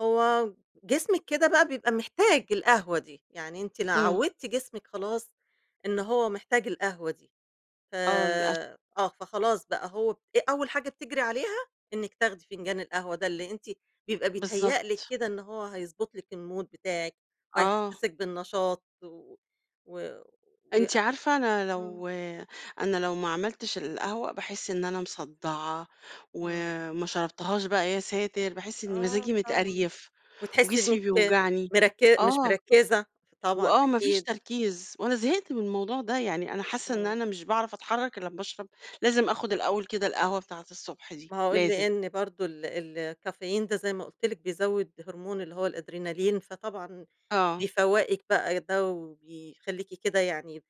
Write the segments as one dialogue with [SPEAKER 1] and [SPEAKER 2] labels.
[SPEAKER 1] هو جسمِك كده بقى بيبقى محتاج القهوة دي، يعني أنتِ لو
[SPEAKER 2] امم.
[SPEAKER 1] عوّدتِ جسمِك خلاص إن هو محتاج القهوة دي، ف
[SPEAKER 2] آه للأس
[SPEAKER 1] آه، فخلاص بقى هو [unintelligible] أول حاجة بتجْري عليها إنِك تاخدي فنجان القهوة ده اللي أنتِ بيبقى بيتهيأ لِك
[SPEAKER 2] بالضبط.
[SPEAKER 1] كده إن هو هيضبّط لِك المود بتاعِك
[SPEAKER 2] آه.
[SPEAKER 1] وهيحسّسِك بالنشاط و و وي
[SPEAKER 2] أنتِ عارفة أنا
[SPEAKER 1] امم.
[SPEAKER 2] لو أنا لو ما عملتش القهوة باحس إن أنا مصدّعة،
[SPEAKER 1] امم.
[SPEAKER 2] وما شربتهاش بقى يا ساتر باحس إني
[SPEAKER 1] آه
[SPEAKER 2] مزاجي
[SPEAKER 1] طبعًا،
[SPEAKER 2] متقريف،
[SPEAKER 1] وتحسّي
[SPEAKER 2] وجسمي
[SPEAKER 1] إنِك
[SPEAKER 2] بيوجعني
[SPEAKER 1] مركّ مش
[SPEAKER 2] آه.
[SPEAKER 1] مركّزة، طبعًا،
[SPEAKER 2] وآه ما فيش
[SPEAKER 1] أكيد.
[SPEAKER 2] تركيز وأنا زهقت من الموضوع ده، يعني أنا حاسّة إن
[SPEAKER 1] إمم.
[SPEAKER 2] أنا مش باعرف أتحرّك إلا لمّا أشرَب لازم آخُد الأول كده القهوة بتاعة الصبح دي،
[SPEAKER 1] ما هو
[SPEAKER 2] لازم.
[SPEAKER 1] لأن برضه ال ال الكافيين ده زي ما قُلت لِك بيزوّد هرمون اللي هو الأدرينالين، فطبعًا
[SPEAKER 2] آه.
[SPEAKER 1] بيفوّقِك بقى، ده وبيخلّيكِ كده يعني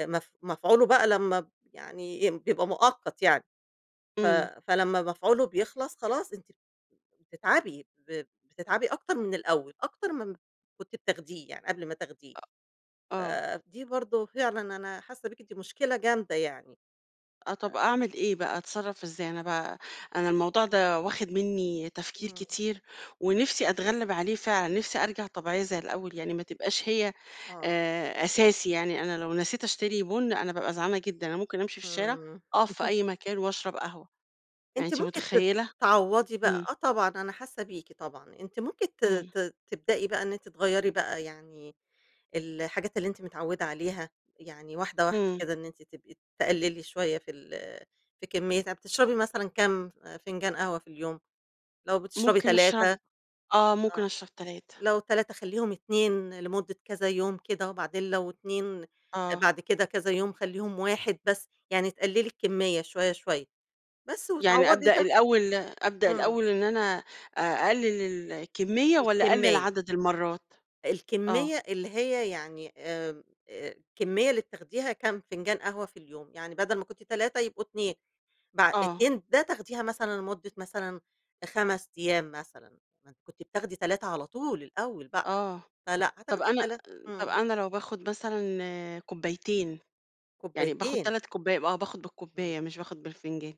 [SPEAKER 1] مف مفعولُه بقى لما ب يعني بيبقى مؤقت يعني، ف
[SPEAKER 2] امم.
[SPEAKER 1] فلمّا مفعوله بيخلَص خلاص أنتِ بتتعبي، ب بتتعبي أكتر من الأول، أكتر من [unintelligible] كنت بتاخديه يعني قبل ما تاخديه.
[SPEAKER 2] أ آه.
[SPEAKER 1] فدي برضه فعلًا أنا حاسّة بيكِ دي مشكلة جامدة يعني.
[SPEAKER 2] آه، طَب
[SPEAKER 1] أ
[SPEAKER 2] أعمل إيه بقى، أتصرّف إزاي أنا بقى؟ أنا الموضوع ده واخِد مني تفكير
[SPEAKER 1] إمم.
[SPEAKER 2] كتير، ونِفسي أتغلّب عليه فعلًا، نِفسي أرجع طبيعية زي الأول يعني ما تبقاش هي
[SPEAKER 1] آه.
[SPEAKER 2] آآ، أساسي يعني أنا لو نسيت أشتري بُن أنا بابقى زعلانة جدًا، أنا ممكن أمشي في الشارع
[SPEAKER 1] آمم.
[SPEAKER 2] أقف في أي مكان وأشرب قهوة. يعني
[SPEAKER 1] أنتِ
[SPEAKER 2] أنتِ
[SPEAKER 1] ممكن ت
[SPEAKER 2] متخيلة؟
[SPEAKER 1] تعوّضي بقى
[SPEAKER 2] امم.
[SPEAKER 1] آه طبعًا أنا حاسّة بيكِ طبعًا، أنتِ ممكن ت
[SPEAKER 2] امم.
[SPEAKER 1] ت تبدئي بقى إن أنتِ تغيَّري بقى يعني الحاجات اللي أنتِ متعوّدة عليها يعني واحدة، واحدة
[SPEAKER 2] امم.
[SPEAKER 1] كده إن أنتِ تبقي تقلّلي شوية في ال في كمّياتها، بتشربي مثلًا كام فنجان قهوة في اليوم، لو بتشربي
[SPEAKER 2] ممكن
[SPEAKER 1] 3
[SPEAKER 2] أشرب آه ممكن
[SPEAKER 1] آه
[SPEAKER 2] أشرب 3
[SPEAKER 1] لو 3 خلّيهم 2 لمُدّة كذا يوم كده، وبعدين لو 2
[SPEAKER 2] آه.
[SPEAKER 1] بعد كده كذا يوم خلّيهم 1 بس يعني تقلّلي الكميّة شوية، شوية بس
[SPEAKER 2] يعني
[SPEAKER 1] وتعوّضي
[SPEAKER 2] أبدأ
[SPEAKER 1] ده.
[SPEAKER 2] الأول أبدأ
[SPEAKER 1] امم.
[SPEAKER 2] الأول إن أنا أ أقلِّل الكميّة والّا أقلّل
[SPEAKER 1] الكمّية.
[SPEAKER 2] عدد المرات؟ آه.
[SPEAKER 1] الكمّية اللي هي يعني آمم، الكمّية اللي بتاخديها كام فنجان قهوة في اليوم يعني بدل ما كنتِ 3 يبقوا 2 بع
[SPEAKER 2] آه.
[SPEAKER 1] 2 ده تاخديها مثلًا لمدة مثلًا 5 أيام مثلًا م كنتِ بتاخدي 3 على طول الأول بقى
[SPEAKER 2] آه،
[SPEAKER 1] فلأ
[SPEAKER 2] طَب
[SPEAKER 1] هتاخدي
[SPEAKER 2] أنا
[SPEAKER 1] التلا
[SPEAKER 2] طَب
[SPEAKER 1] امم.
[SPEAKER 2] أنا لو باخد مثلًا كوبايتين، يعني باخد
[SPEAKER 1] كوبايتين.
[SPEAKER 2] 3 كوبّا آه، باخُد
[SPEAKER 1] امم.
[SPEAKER 2] بالكوبّاية مش باخُد بالفنجان.